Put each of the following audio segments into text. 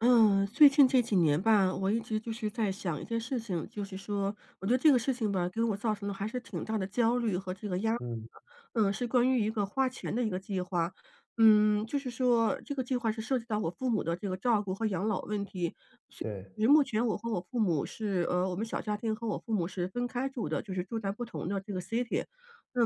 嗯，最近这几年吧，我一直就是在想一件事情。就是说，我觉得这个事情吧，给我造成的还是挺大的焦虑和这个压力。嗯。嗯，是关于一个花钱的一个计划，嗯，就是说这个计划是涉及到我父母的这个照顾和养老问题，是对。目前我和我父母是，呃，我们小家庭和我父母是分开住的，就是住在不同的这个 city。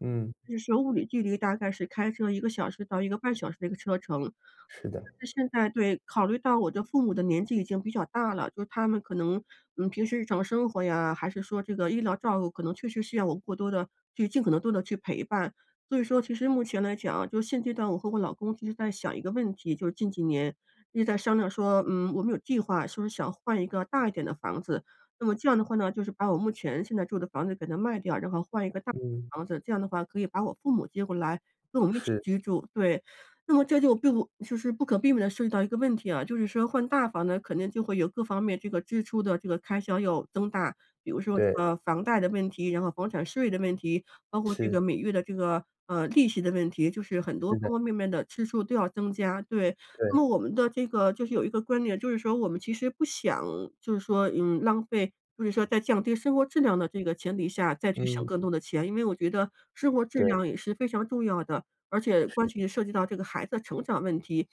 嗯。那是物理距离大概是开车1个小时到1个半小时的车程。是的。但是现在对，考虑到我的父母的年纪已经比较大了，就他们可能，嗯，平时日常生活呀，还是说这个医疗照顾可能确实需要我过多地去尽可能多地去陪伴。所以说其实目前来讲，就是现阶段我和我老公一直在想一个问题，就是近几年一直在商量说，嗯，我们有计划说想换一个大一点的房子。那么这样的话呢，就是把我目前现在住的房子给它卖掉，然后换一个大嗯。房子，这样的话可以把我父母接过来跟我们一起是。居住，对。那么这就并不就是不可避免地涉及到一个问题啊，就是说换大房呢，可能就会有各方面这个支出的这个开销要增大，比如说这对。个房贷的问题，然后房产税的问题，包括这是。个每月的这个，呃，利息的问题，就是很多是的。方方面面的支出都要增加。对，那么对。我们的这个就是有一个观点，就是说我们其实不想就是说，嗯，浪费，就是说在降低生活质量的这个前提下，再去省嗯。更多的钱，因为我觉得生活质对。量也是非常重要的，而且是关的。系、涉及到这个孩子的成长问题。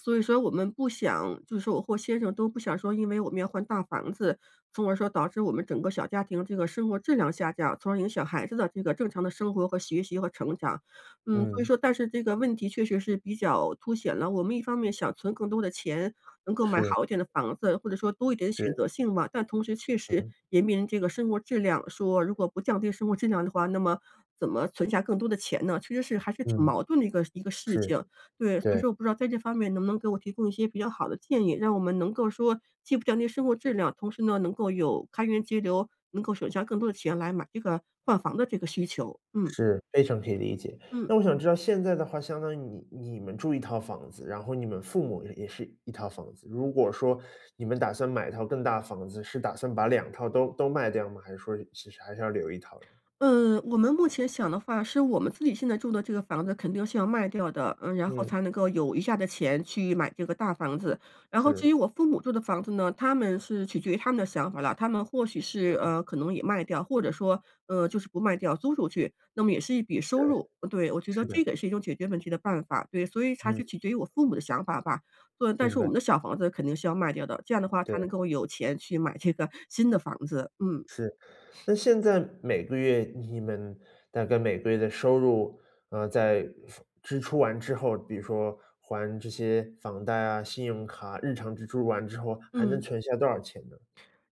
所以说我们不想就是说我或先生都不想说，因为我们要换大房子，从而说导致我们整个小家庭这个生活质量下降，从而影响孩子的这个正常的生活和学习和成长，嗯，所以嗯。说但是这个问题确实是比较凸显了，我们一方面想存更多的钱能够买是。好一点的房子，或者说多一点选是。择性嘛。但同时，确实嗯。也面临着个生活质量说如果不降低生活质量的话，那么怎么存下更多的钱呢？其实是还是挺嗯，矛盾的一个一个事是，情，对，所以对。说我不知道在这方面能不能给我提供一些比较好的建议？让我们能够说既不降低生活质量，同时呢，能够有开源节流，能够省下更多的钱来买这个换房的这个需求，嗯。是，非常可以理解。嗯。那我想知道，现在的话，相当于你你们住一套房子，然后你们父母也是一套房子。如果说你们打算买一套更大房子，是打算把两套都都卖掉吗？还是说其实还是要留一套呢？嗯，我们目前想的话，是我们自己现在住的这个房子肯定是要卖掉的，嗯，然后嗯。才能够有余下的钱去买这个大房子。然后至是。于我父母住的房子呢，他们是取决于他们的想法了，他们或许是，对。呃，可能也卖掉，或者说，呃，就是不卖掉租出去，那么也是一笔收对，入，对，我觉得是的。这个是一种解决问题的办法。对，所以才是嗯。取决于我父母的想法吧，所以，但明是我白。们的小房子肯定是要卖掉的，这样的话才能对。够有钱去买这个新的房子，嗯。是。那现在每个月你们大概每个月的收入，呃，在房支出完之后，比如说还这些房贷啊、信用卡，日常支出完之后，还能嗯。存下多少钱呢？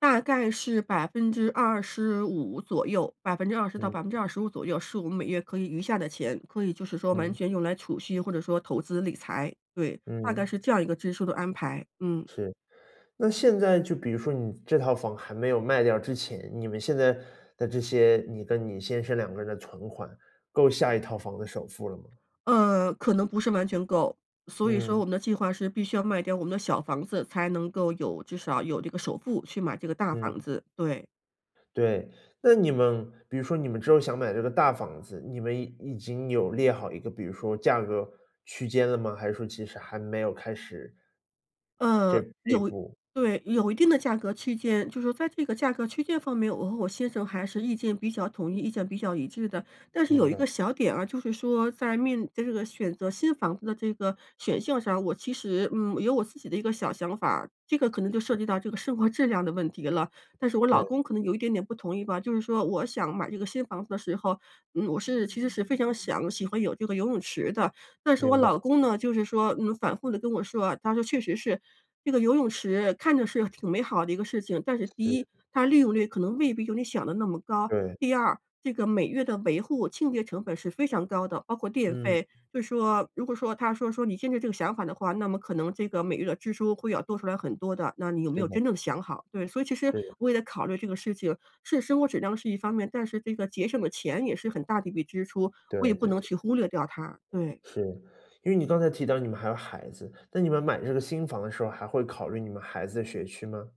大概是25%左右20%到嗯。25%左右是我们每月可以余下的钱，可以就是说完嗯。全用来储蓄或者说投资理财，对，大概嗯。是这样一个支出的安排。嗯。是。那现在就比如说你这套房还没有卖掉之前，你们现在的这些你跟你先生两个人的存款，够下一套房的首付了吗？呃，可能不是完全够，所以说嗯。我们的计划是必须要卖掉我们的小房子，才能够有至少有这个首付去买这个大房嗯。子，对。对。那你们比如说你们之后想买这个大房子，你们已已经有列好一个比如说价格区间了吗？还是说其实还没有开始这呃，这一有步？对，有一定的价格区间，就是在这个价格区间方面，我和我先生还是意见比较统一，意见比较一致的，但是有明一白。个小点啊，就是说在面在这个选择新房子的这个选项上，我其实，嗯，有我自己的一个小想法儿，这个可能就涉是。及到这个生活质量的问题了，但是我老对。公可能有一点点不同意吧，就是说我想买这个新房子的时候，嗯，我是其实是非常想喜欢有这个游泳池的，但是我明白。老公呢，就是说，嗯，反复地跟我说啊，他说：“确实是，这个游泳池看着是挺美好的一个事情，但是第一是。它利用率可能未必有你想得那么高。对。第二这个每月的维护清洁成本是非常高的，包括电嗯。费。“就是说，如果说他说说：”你现在这个想法的话，那么可能这个每月的支出会要多出来很多的，那你有没是有的。真正想好？“对，所以其实是的。我也考虑这个事情，是生活质量是一方面，但是这个节省的钱也是很大的一笔支出，对，我也不对能对。去忽略掉它，对。是，因为你刚才提到你们还有孩子，但你们买这个新房的时候，还会考虑你们孩子的学区吗？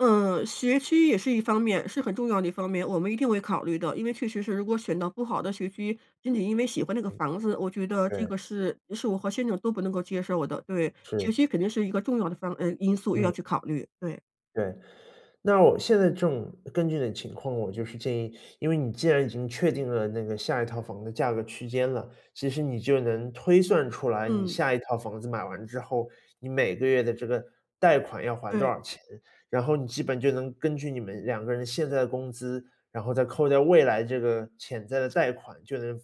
嗯，学区也是一方面，是很重要的一方面，我们一定会考虑的。因为确实是如果选到不好的学区，仅仅因为喜欢那个嗯。房子，我觉得这对。个是是我和先生都不能够接受的，对，学是。区肯定是一个重要的方呃，因素，又要嗯。去考虑，对。对，那让我现在正根据你的情况，我就是建议，因为你既然已经确定了那个下一套房的价格区间了，其实你就能推算出来，你嗯。下一套房子买完之后，你每个月的这个贷款要还多对。少钱。然后你基本就能根据你们两个人，现在的工资，然后再扣掉未来这个潜在的贷款，就能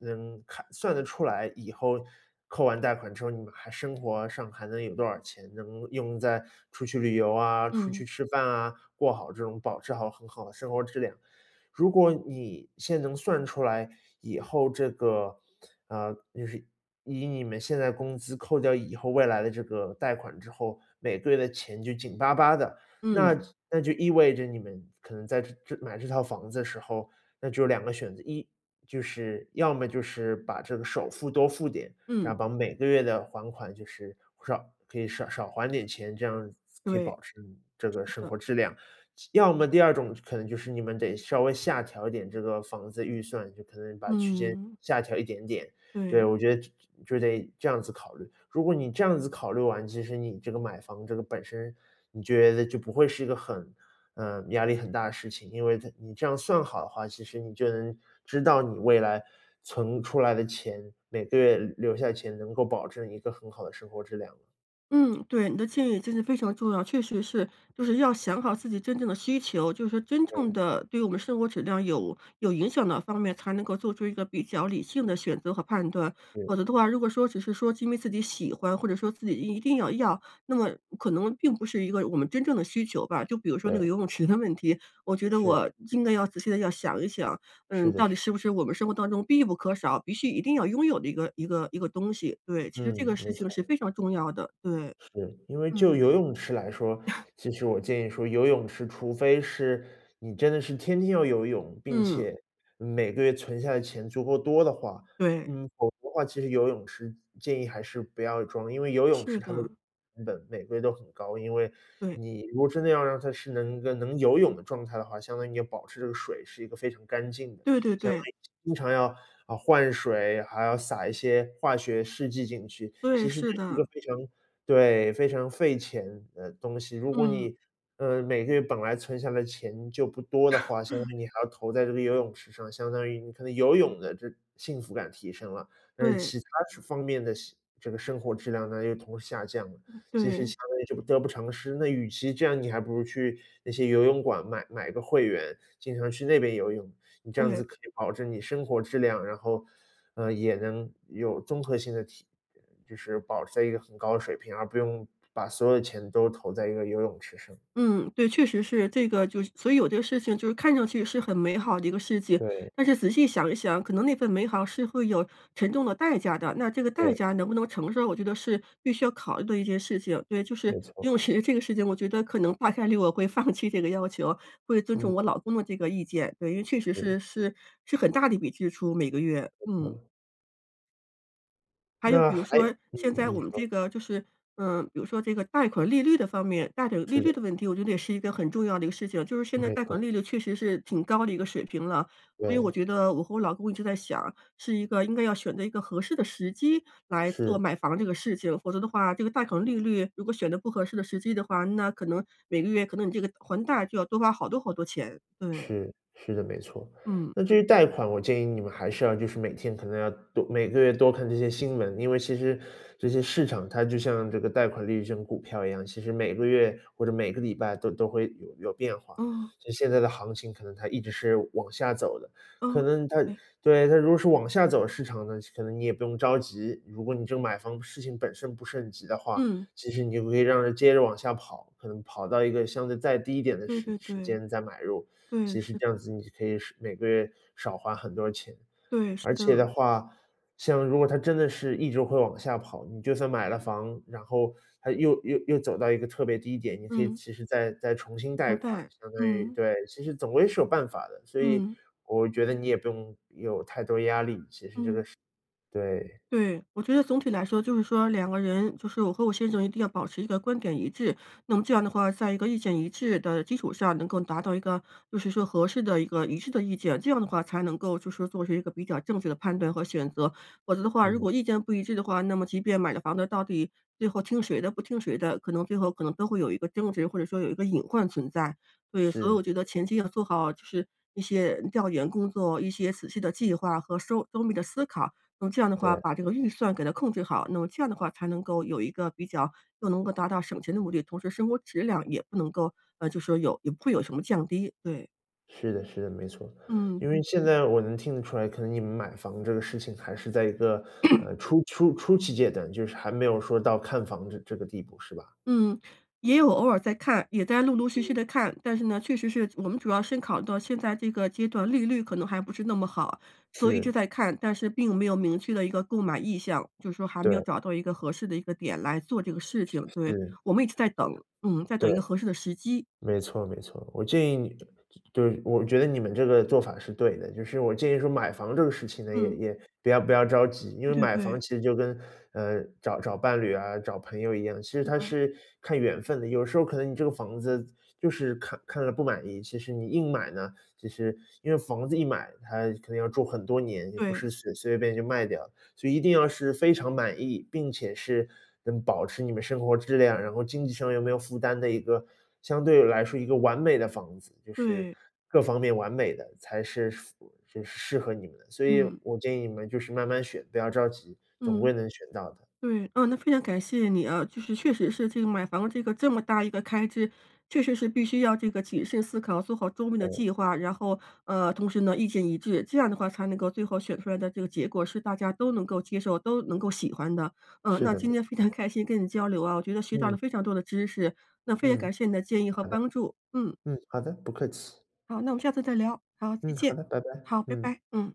能看算得出来，以后扣完贷款之后，你们还生活上还能有多少钱，能用在出去旅游啊，出嗯。去吃饭啊，过好这种保持好很好的生活质量。如果你现在能算出来以后这个，呃，就是以你们现在工资扣掉以后未来的这个贷款之后，每个月的钱就紧巴巴的，嗯。那那就意味着你们可能在这这买这套房子的时候，那只有两个选择，一，就是要么就是把这个首付多付点，然嗯。后把每个月的还款就是，少可以少少还点钱，这样可以对。保持这个是生的。活质量。要么第二种可能就是你们得稍微下调一点这个房子预算，就可能把区间嗯。下调一点点。对。对，我觉得就就得这样子考虑。如果你这样子考虑完，其实你这个买房这个本身，你觉得就不会是一个很，呃，压力很大的事情，因为在你这样算好的话，其实你就能知道你未来存出来的钱，每个月留留下的钱能够保证一个很好的生活质量。嗯。对，你的建议真的非常重要。确实是，就是要想好自己真正的需求，就是说真正嗯。的对我们生活质量有有影响的方面，才能够做出一个比较理性地选择和判断。否则嗯。的话，如果说只是说是因为自己喜欢，或者说自己一定要要，那么可能并不是一个我们真正的需求吧。就比如说那个对。游泳池的问题，我觉得是。我应该要仔细地要想一想，是嗯，的，到是。底是不是我们生活当中必不可少，必须一定要拥有的一个一个一个东西。对，其实这嗯，个事没错。情是非常重要的。对。是，因为嗯。就游泳池来说，其实我建议说，游泳池除非是，你真的是天天要游泳，并嗯。且每个月存下的钱足够多的话。对。嗯，否则的话，其实游泳池，建议还是不要装，因为游泳是池它的的。成本，每个月都很高。因为对。你如果真的要让它是能能游泳的状态的话，相当于你要保持这个水是一个非常干净的，对对相当对。于经常要，啊，换水，还要撒一些化学试剂进去。对，其实这是是一的。个非常对，非常费钱的东西。如果嗯。你，呃，每个月本来存下来钱，就不多的话，相当 于你还要投在这个游泳池上，相当于你可能游泳的这幸福感提升了。但是对。其它这方面的生这个生活质量呢，又同时下降了，其实对。相当于就得不偿失。那与其这样，你还不如去那些游泳馆买买个会员，经常去那边游泳，你这样对。子可以保证你生活质量，然后，呃，也能有综合性的提就是保持在一个很高的水平，而不用把所有的钱都投在一个游泳池上。嗯，对，确实是。这个就所以有的事情就是看上去是很美好的一个事情。对。但是仔细想一想，可能那份美好是会有沉重的代价的，那这个代对。价能不能承受，我觉得是必须要考虑的一件事情。对，就是没错。游泳池这个事情，我觉得可能大概率我会放弃这个要求，会尊重我嗯。老公的这个意见。对，因为确实是。是是是很大的一笔支出，每个月。嗯。嗯。还有那比如还说嗯，现在你我们这说。个就是，嗯，比如说这个贷款利率的方面贷款利是率的。的问题，我觉得也是一个很重要的一个事情。就是现在没贷款错。利率确实是挺高的一个水平了，所以我对。觉得我和我老公一直在想，是一个应该要选择一个合适的时机来做是。买房这个事情，否则的话，这个贷款利率如果选得不合适的时机的话，那可能每个月可能你这个还贷就要多花好多好多钱，对。是，是的，没错。嗯。那至于贷款，我建议你们还是要就是每天可能要多每个月多看这些新闻，因为其实这些市场，它就像这个贷款利率，这种股票一样，其实每个月或者每个礼拜都都会有有变化。嗯。所以现在的行情可能它一直是往下走的。可嗯。能它对。对，它如果是往下走市场呢，可能你也不用着急。如果你这个买房事情本身不是很急的话，嗯。其实你就可以让它接着往下跑，可能跑到一个相对再低一点的对时对时对，间再买入，对，其是。实这样子你可以是每个月少花很多钱。对，是而这且的样。话，像如果它真的是一直会往下跑，你就算买了房，然后它又又又走到一个特别低点，你可以嗯。其实再再重新贷房款，贷，相当于嗯。对，其实总归是有办法的。所以嗯。我觉得你也不用有太多压力，其实这个嗯。是对。对，我觉得总体来说就是说两个人，就是我和我先生一定要保持一个观点一致，那么这样的话，在一个意见一致的基础上，能够达到一个就是说合适的一个一致的意见，这样的话才能够做出一个比较正确的判断和选择。否则的话，那如么果意见不一致的话，那么即便买了房子，到底最后听谁的、不听谁的，可能最后可能都会有一个争执，或者说有一个隐患存在，所以所以是。我觉得前期要做好，就是一些调研工作，一些仔细的计划和周周密的思考。那么这样的话，对。把这个预算给它控制好，那么这样的话才能够有一个比较又能够达到省钱的目的，同时生活质量也不能够，呃，就说有也不会有什么降低，对。是的是的。没错。嗯。因为嗯现哼。在我能听得出来，可能你们买房子这个事情还是在一个 初初初期阶段，就是还没有说到看房这这个地步，是吧？嗯，也有偶尔在看，也在陆陆续续嗯。地看。但是呢，确实是我们主要是考虑到现在这个阶段利率可能还不是那么好，所以一直是。在看，但是并没有明确的一个购买意向，就是说还没有对。找到一个合适的一个点来做这个事情。对，是。我们一直在等。嗯，在等对，一个合适的时机。没错没错。我建议你对，我觉得你们这个做法是对的。就是我建议说买房这个事情呢，也嗯。也不要不要着急，因对为对买房对。其实就跟，呃，找找伴侣啊，找朋友一样，其实池它塘。是看缘分的。有时候可能你这个房子就是看看了不满意，其实你硬买呢，其实因为房子一买，它肯定要住很多年，也不对。是随随随便便就卖掉。所以一定要是非常满意，并且是能保持你们生活质量，然后经济上又没有负担的一个相对来说一个完美的房子，就是对。各方面完美的，才是符是适合你们的。所以嗯。我建议你们就是慢慢选，不要着急，总嗯。归能选到的。对！啊，那非常感谢你啊。就是确实是这个买房的这个这么大一个开支确实是必须要这个谨慎思考做好周密的嗯。计划，然后，呃，同时呢意见一致。这样的话才能够最后选出来的这个结果是大家都能够接受、都能够喜欢的。嗯，是那的。没今天非错。常开心跟你交流啊，我觉得学到了嗯。非常多的知识，那非常嗯，感谢你的建议和好的。帮助，嗯。嗯，好的，不客气。好，那我们下次再聊。好，再嗯，好见。的。拜拜，好，拜嗯。拜。嗯。